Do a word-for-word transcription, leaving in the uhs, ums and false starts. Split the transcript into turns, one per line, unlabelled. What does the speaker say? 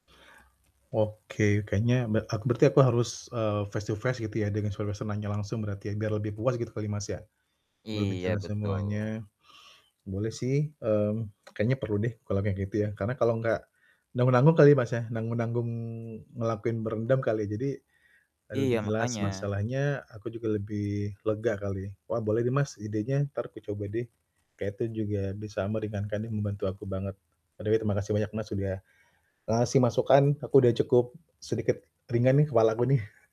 Oke, kayaknya be aku berarti aku harus, eee, face-to-face gitu ya dengan serwesenanya langsung berarti ya, biar lebih puas gitu kali, Mas ya. Lebih
Iya,
jelas
betul.
semuanya. Boleh sih, mmm, kayaknya perlu deh kalau kayak gitu ya, karena kalau enggak nanggung-nanggung kali, Mas, ya, nanggung-nanggung ngelakuin berendam kali, jadi, e
Iya,
lebih jelas
makanya.
masalahnya, aku juga lebih lega kali. Wah, boleh deh, Mas, idenya entar aku coba deh. Kayak itu juga bisa meringankan nih, membantu aku banget. odekeh terima kasih banyak, Mas, udah ngasih masukan, aku udah cukup sedikit ringan nih kepalaku nih.